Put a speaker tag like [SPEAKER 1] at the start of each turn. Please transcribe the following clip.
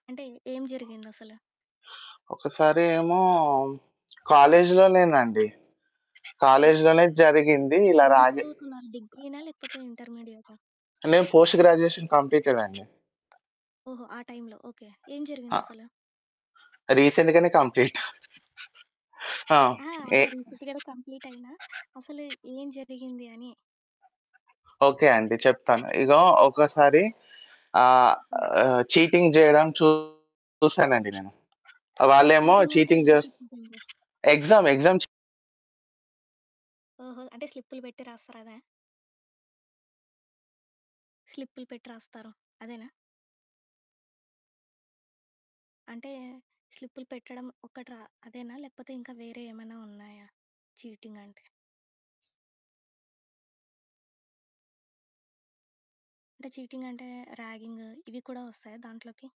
[SPEAKER 1] అంటే, ఏం జరిగిందసలు?
[SPEAKER 2] ఒక్కసారేమో కాలేజిలోనేనండి.
[SPEAKER 1] ఓకే.
[SPEAKER 2] కాలేజిలోనే జరిగింది.
[SPEAKER 1] అంటే
[SPEAKER 2] ఇలా
[SPEAKER 1] ఏం
[SPEAKER 2] రాజే
[SPEAKER 1] చదువుకున్నారు డిగ్రీనా? లేకపోతే, ఇంటర్మీడియటా?
[SPEAKER 2] నేను పోస్ట్ గ్రాడ్యుయేషన్ కంప్లీటేడండి.
[SPEAKER 1] ఓహో! ఆ టైంలో ఓకే. ఏం
[SPEAKER 2] ఆ!
[SPEAKER 1] జరిగిందసలు?
[SPEAKER 2] రీసెంట్‌గానే కంప్లీట ఆ!
[SPEAKER 1] ఆ!
[SPEAKER 2] ఏ
[SPEAKER 1] అదే రీసెంట్‌గానే కంప్లీట్ అయినా. అసలు ఏం జరిగింది అని.
[SPEAKER 2] ఓకే అండి చెప్తాను. ఇగో ఒక్కసారి ఆహ్,
[SPEAKER 1] హ్మ్.
[SPEAKER 2] ఆహ్, చీటింగ్ జేయడం చూసానండి నేను. ఆ! వాళ్ళేమో
[SPEAKER 1] ఈటింగ్ అంటే
[SPEAKER 2] చీటింగ్
[SPEAKER 1] ఎలా
[SPEAKER 2] జేస్
[SPEAKER 1] తెలిసిద్దండి?
[SPEAKER 2] ఎగ్జామ్ ఎగ్జామ్ చీ
[SPEAKER 1] ఓహో! అంటే స్లిప్పులు పెట్టి రాస్తారు అదా? స్లిప్పులు పెట్టి రాస్తారు అదేనా? అంటే, స్లిప్పులు పెట్టడం ఒక్కట్రా అదేనా? లేకపోతే ఇంకా వేరే ఏమన్నా ఉన్నాయా చీటింగంటే? అంటే, చీటింగంటే ర్యాగింగ్ ఇవి కూడా వస్తాయా దాంట్లోకి?